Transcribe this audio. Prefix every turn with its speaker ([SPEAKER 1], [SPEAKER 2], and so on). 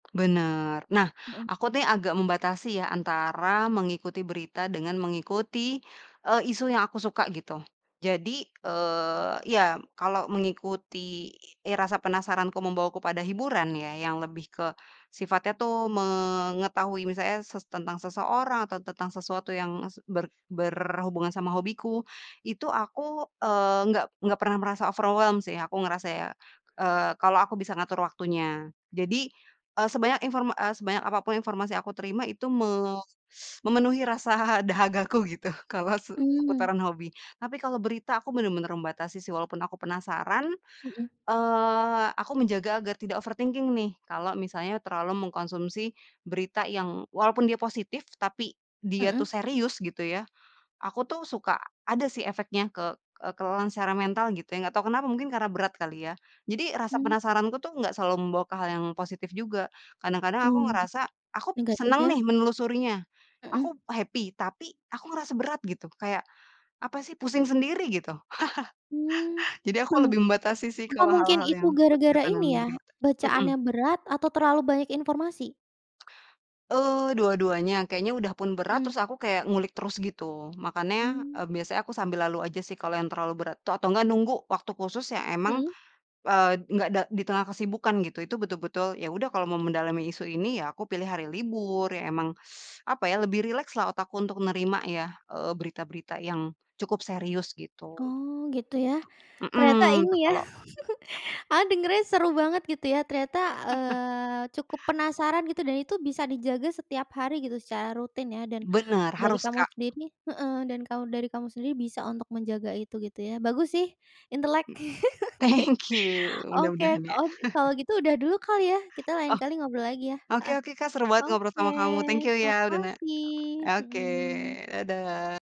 [SPEAKER 1] Bener. Nah,
[SPEAKER 2] Heeh.
[SPEAKER 1] aku nih agak membatasi ya, antara mengikuti berita dengan mengikuti eee, isu yang aku suka, gitu. Jadi, eee, ya kalau mengikuti rasa penasaranku membawaku pada hiburan ya, yang lebih ke sifatnya tuh mengetahui misalnya se tentang seseorang atau tentang sesuatu yang es ber berhubungan sama hobiku, itu aku eee, enggak enggak pernah merasa overwhelmed sih, aku ngerasa ya, eee, kalau aku bisa ngatur waktunya. Jadi, eee, sebanyak inform eee, sebanyak apapun informasi yang aku terima itu me s memenuhi rasa dahagaku, gitu, kalau se
[SPEAKER 2] Mmm.
[SPEAKER 1] seputaran hobi. Tapi, kalau berita aku bener-bener membatasi sih walaupun aku penasaran,
[SPEAKER 2] Heeh.
[SPEAKER 1] eee, aku menjaga agar tidak overthinking nih, kalau misalnya terlalu mengkonsumsi berita yang walaupun dia positif, tapi dia
[SPEAKER 2] Heeh.
[SPEAKER 1] tuh serius gitu ya, aku tuh suka ada sih efeknya ke eee, kelelahan secara mental, gitu ya, enggak tahu kenapa, mungkin karena berat kali ya. Jadi rasa
[SPEAKER 2] Hmm.
[SPEAKER 1] penasaranku tuh enggak selalu membawa ke hal yang positif juga. Kadang-kadang aku
[SPEAKER 2] Oh.
[SPEAKER 1] ngerasa, aku
[SPEAKER 2] Negatif
[SPEAKER 1] seneng
[SPEAKER 2] ya.
[SPEAKER 1] nih menelusurinya,
[SPEAKER 2] Hmm.
[SPEAKER 1] aku happy, tapi aku ngerasa berat, gitu. Kayak, apa sih pusing sendiri, gitu.
[SPEAKER 2] Mmm.
[SPEAKER 1] Jadi aku lebih membatasi sih,
[SPEAKER 2] Apa
[SPEAKER 1] kalau
[SPEAKER 2] mungkin
[SPEAKER 1] hal-hal
[SPEAKER 2] itu
[SPEAKER 1] yang
[SPEAKER 2] gara-gara
[SPEAKER 1] berkaitan dengan
[SPEAKER 2] ini ya,
[SPEAKER 1] berita Hmm.
[SPEAKER 2] bacaannya berat? Atau terlalu banyak informasi?
[SPEAKER 1] Eee, dua-duanya. Kayaknya udah pun berat
[SPEAKER 2] Hmm.
[SPEAKER 1] terus aku kayak ngulik terus, gitu. Makanya
[SPEAKER 2] Hmm.
[SPEAKER 1] eee, biasanya aku sambil lalu aja sih kalau yang terlalu berat. To atau enggak nunggu waktu khusus yang emang,
[SPEAKER 2] Hmm.
[SPEAKER 1] eee, enggak da di tengah kesibukan, gitu. Itu betul-betul, ya udah kalau mau mendalami isu ini, ya aku pilih hari libur. Ya emang apa ya, lebih rileks lah otakku untuk nerima ya eee, berita-berita yang cukup serius, gitu.
[SPEAKER 2] Oh, gitu ya. Ternyata
[SPEAKER 1] Hmm. Ya
[SPEAKER 2] ini ya,
[SPEAKER 1] kalau
[SPEAKER 2] aku dengernya seru banget, gitu ya. Ternyata eee, cukup penasaran, gitu dan itu bisa dijaga setiap hari, gitu, secara rutin ya, dan
[SPEAKER 1] Bener.
[SPEAKER 2] dari
[SPEAKER 1] Harus
[SPEAKER 2] kamu
[SPEAKER 1] Kak.
[SPEAKER 2] sendiri heeh, dan kau dari kamu sendiri bisa untuk menjaga itu, gitu ya. Bagus sih, intelek.
[SPEAKER 1] Thank you.
[SPEAKER 2] Oke.
[SPEAKER 1] Mudah-mudahan ya.
[SPEAKER 2] Oke, kalau gitu udah dulu kali ya, kita lain
[SPEAKER 1] Oh.
[SPEAKER 2] kali ngobrol lagi ya!
[SPEAKER 1] Oke
[SPEAKER 2] Heeh.
[SPEAKER 1] oke Kak, seru banget ngobrol
[SPEAKER 2] Oke,
[SPEAKER 1] sama kamu, thank you ya, udah na
[SPEAKER 2] makasih,
[SPEAKER 1] oke,
[SPEAKER 2] hmm.
[SPEAKER 1] dadah.